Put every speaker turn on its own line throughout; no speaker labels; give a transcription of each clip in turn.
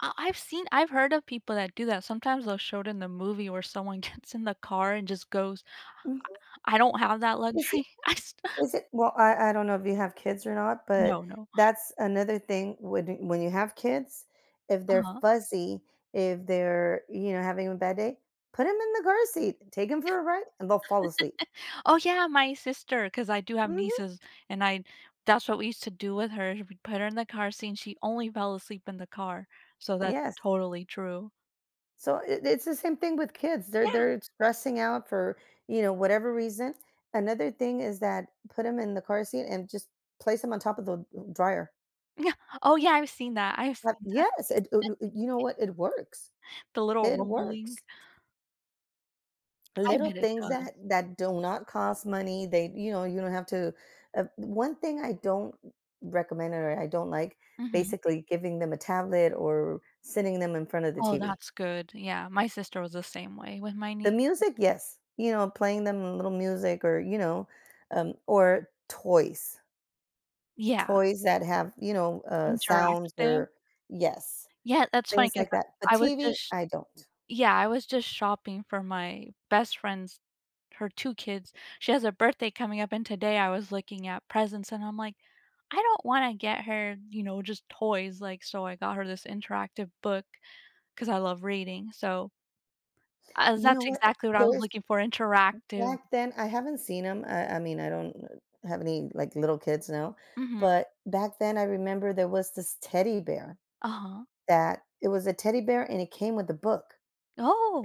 Uh, I've seen I've heard of people that do that, sometimes they'll show it in the movie where someone gets in the car and just goes
Mhm.
I I don't have that
Is it
luxury. I sta
is it well, I I don't know if you have kids or not, but
No, no.
that's another thing when d when you have kids, if they're
Uh-huh.
fussy, if they're, you know, having a bad day, put 'em in the car seat, take 'em for a ride and they'll fall asleep.
Oh, yeah, my sister, 'cause I do have
Mhm.
nieces, and I'd that's what we used to do with her. We put her in the car seat, and she only fell asleep in the car, so, that's
Yes.
totally true.
So i it's the same thing with kids, they're
Yeah.
they're stressing out for you know, whatever reason. Another thing is that put 'em in the car seat and just place 'em on top of the, uh, dryer.
Yeah! Oh, yeah, I've seen that I've
Ha
seen that.
yes, it u nu ooh, you know what it works.
The little
It works,
rumbling.
st
I
Little
bet it
things
does.
that that do not cost money, they you know, you don't have to uh, 1 thing I don't recommend or I don't like
Mhm.
basically giving them a tablet or sitting them in front of the
Oh,
TV.
that's good, yeah, my sister was the same way with my
The
niece and
music, yes, you know playing them a little music or you know, um, or toys
Yeah.
toys that have, you know, uh, sounds
Interactive?
or Yes,
Yeah, that's funny
things
'cause
like
I
that, a
I was
TV
just
I don't.
yeah. I was just shopping for my best friend's her 2 kids. She has a birthday coming up and today I was looking at presents, and I'm, like, "I don't wanna get her, you know, just toys, like" so, I got her this interactive book 'cause I love reading, so Uh,
You know,
that's
what,
exactly what I was
there's
looking for, interactive
back then, I haven't seen 'em. I I mean, I don't have any, like, little kids now,
Mhm.
but back then I remember there was this teddy bear,
Uh-huh.
that it was a teddy bear, and it came with a book.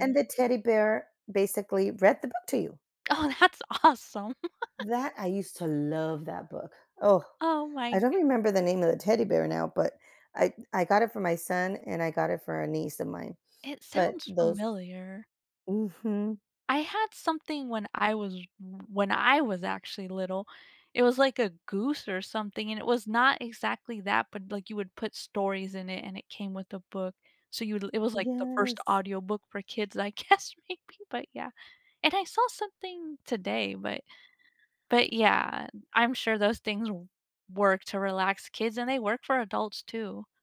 And the teddy bear basically read the book to you.
Oh, that's awesome.
That, I used to love that book, oh,
Oh my
I don't
goodn
remember the name of the teddy bear now, but I I got it for my son and I got it for a niece of mine,
It
but
sounds
those
familiar.
mhm.
I had something when I was w when I was actually little. It was like a goose or something, and it was not exactly that but, like, you would put stories in it, and it came with a book, so, you l it was like the 1st
Yes.
audiobook for kids, I guess, maybe, but, yeah, and I saw something today, but but, yeah. I'm sure those things w work to relax kids, and they work for adults too.